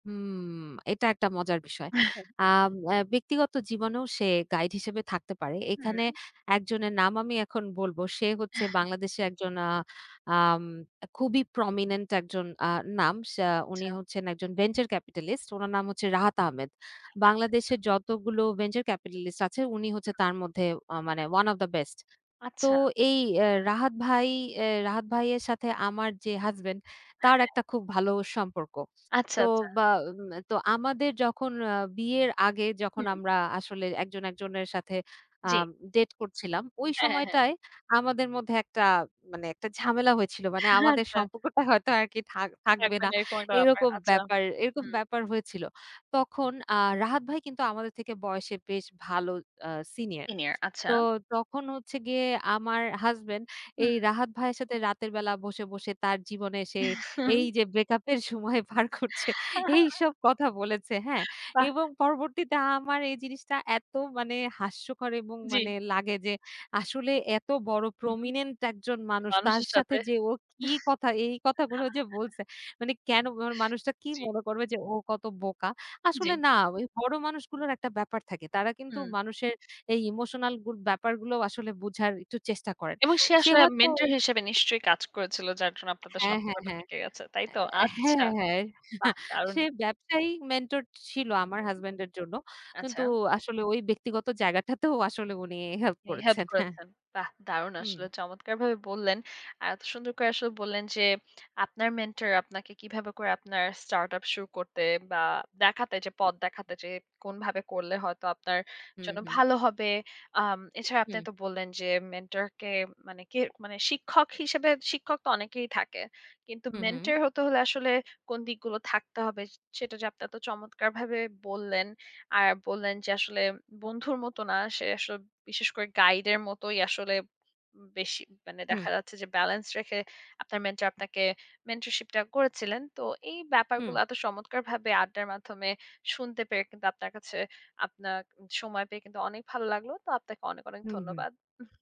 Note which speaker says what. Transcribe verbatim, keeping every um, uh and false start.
Speaker 1: হুম। এটা একটা মজার বিষয়।
Speaker 2: আ হ্যাঁ।
Speaker 1: আম অ্যা ব্যক্তিগত জীবনেও সে গাইড হিসেবে থাকতে পারে। এখানে
Speaker 2: হুম।
Speaker 1: একজনের নাম আমি এখন বলব। সে হচ্ছে
Speaker 2: হ্যাঁ।
Speaker 1: বাংলাদেশে একজন আ আম খুবই প্রমিনেন্ট একজন আ নাম। সে উনি
Speaker 2: আচ্ছা।
Speaker 1: হচ্ছেন একজন ভেঞ্চার ক্যাপিটালিস্ট উনার নাম হচ্ছে রাহাত আহমেদ।
Speaker 2: আচ্ছা, আচ্ছা।
Speaker 1: বাংলাদেশে যতগুলো ভেঞ্চার ক্যাপিটালিস্ট আছে উনি হচ্ছে
Speaker 2: হুম।
Speaker 1: তার মধ্যে আ মানে ওয়ান অব দা বেস্ট। তো
Speaker 2: আচ্ছা।
Speaker 1: এই অ্যা রাহাত ভাই এ রাহাত ভাইয়ের সাথে আমার যে হাসব্যান্ড তার একটা
Speaker 2: হ্যাঁ।
Speaker 1: খুব ভালো সম্পর্ক।
Speaker 2: আচ্ছা,
Speaker 1: তো
Speaker 2: আচ্ছা।
Speaker 1: বা মে তো আমাদের যখন আ বিয়ের আগে যখন
Speaker 2: হুম।
Speaker 1: আমরা আসলে একজন একজনের সাথে আ
Speaker 2: জি।
Speaker 1: ডেট করছিলাম, ওই
Speaker 2: হ্যাঁ, হ্যাঁ, হ্যাঁ।
Speaker 1: সময়টায় আমাদের মধ্যে একটা মানে একটা ঝামেলা হয়েছিল। মানে আমাদের
Speaker 2: আচ্ছা।
Speaker 1: সম্পর্কটা হয়তো আরকি থাক
Speaker 2: হ্যাঁ,
Speaker 1: থাকবে না।
Speaker 2: মানে এরকম একটা ব্যাপার,
Speaker 1: এইরকম
Speaker 2: আচ্ছা।
Speaker 1: ব্যাপার এরকম
Speaker 2: হুম।
Speaker 1: ব্যাপার হয়েছিল। তখন আ রাহাত ভাই কিন্তু আমাদের থেকে বয়সে বেশ ভালো আ সিনিয়র।
Speaker 2: সিনিয়র আচ্ছা।
Speaker 1: তো তখন হচ্ছে গিয়ে আমার হাসব্যান্ড
Speaker 2: হুম।
Speaker 1: এই রাহাত ভাইয়ের সাথে রাতের বেলা বসে, বসে তার জীবনে সে এই যে ব্রেকআপ এর সময় পার করছে এইসব কথা বলেছে, হ্যাঁ
Speaker 2: বাহ!
Speaker 1: এবং পরবর্তীতে আমার এই জিনিসটা এত মানে হাস্যকর এবং
Speaker 2: জি।
Speaker 1: মানে লাগে যে আসলে এত বড়
Speaker 2: হুম,
Speaker 1: প্রমিনেন্ট একজন মানুষ। তার
Speaker 2: মানুষের
Speaker 1: সাথে
Speaker 2: সাথে।
Speaker 1: যে ও কি কথা এই কথাগুলো যে বলছে। মানে কেন মানে মানুষটা কি
Speaker 2: জি।
Speaker 1: মনে করবে যে ও কত বোকা। আসলে
Speaker 2: জী।
Speaker 1: না ওই বড় মানুষগুলোর একটা ব্যাপার থাকে। তারা কিন্তু
Speaker 2: হুম।
Speaker 1: মানুষের এই ইমোশনাল গুলো ব্যাপারগুলো আসলে বুঝার একটু চেষ্টা করেন।
Speaker 2: এবং সে
Speaker 1: সে
Speaker 2: আসলে
Speaker 1: হয়তো
Speaker 2: মেন্টর হিসেবে নিশ্চয়ই কাজ করেছিল। যার জন্য আপনাদের
Speaker 1: হ্যাঁ, হ্যাঁ,
Speaker 2: সম্পর্কটা
Speaker 1: হ্যাঁ,
Speaker 2: টিকে গেছে, তাই তো? আচ্ছা,
Speaker 1: হ্যাঁ, হ্যাঁ।
Speaker 2: বাহ দারুণ!
Speaker 1: সে ব্যবসায়ী মেন্টর ছিল
Speaker 2: হুম,
Speaker 1: আমার হাসব্যান্ড এর জন্য। কিন্তু
Speaker 2: আচ্ছা।
Speaker 1: আসলে ওই ব্যক্তিগত জায়গাটাতেও আসলে উনি হেল্প
Speaker 2: উনি হেল্প
Speaker 1: করেছেন, হ্যাঁ।
Speaker 2: করেছেন। বাহ দারুণ
Speaker 1: হুম।
Speaker 2: আসলে! চমৎকারভাবে বললেন। আর এত সুন্দর করে আসলে বললেন যে আপনার মেন্টর আপনাকে কিভাবে করে আপনার স্টার্ট আপ শুরু করতে বা দেখাতে যে পথ দেখাতে যে কোনভাবে করলে হয়তো আপনার
Speaker 1: হুম,
Speaker 2: জন্য
Speaker 1: হুম।
Speaker 2: ভালো হবে। আম এছাড়া আপনি
Speaker 1: হুম।
Speaker 2: তো বললেন যে মেন্টর কে মানে কের মানে শিক্ষক হিসেবে শিক্ষক তো অনেকেই থাকে। কিন্তু
Speaker 1: হুম, হুম।
Speaker 2: মেন্টর হতে হলে আসলে কোন দিকগুলো থাকতে হবে স সেটা যে আপনি এত চমৎকারভাবে বললেন। আর বললেন যে আসলে বন্ধুর মতো না, সে আসলে বিশেষ করে গাইড এর মতোই আসলে উম বেশি মানে
Speaker 1: হুম।
Speaker 2: দেখা যাচ্ছে যে ব্যালেন্স রেখে আপনার মেন্টর আপনাকে মেন্টরশিপ টা করেছিলেন। তো এই ব্যাপারগুলো
Speaker 1: হুম।
Speaker 2: এত চমৎকারভাবে আড্ডার মাধ্যমে শুনতে পেয়ে কিন্তু আপনার কাছে আপনাক উম সময় পেয়ে কিন্তু অনেক ভালো লাগলো। তো আপনাকে অনেক, অনেক
Speaker 1: হুম, হুম।
Speaker 2: ধন্যবাদ। উহু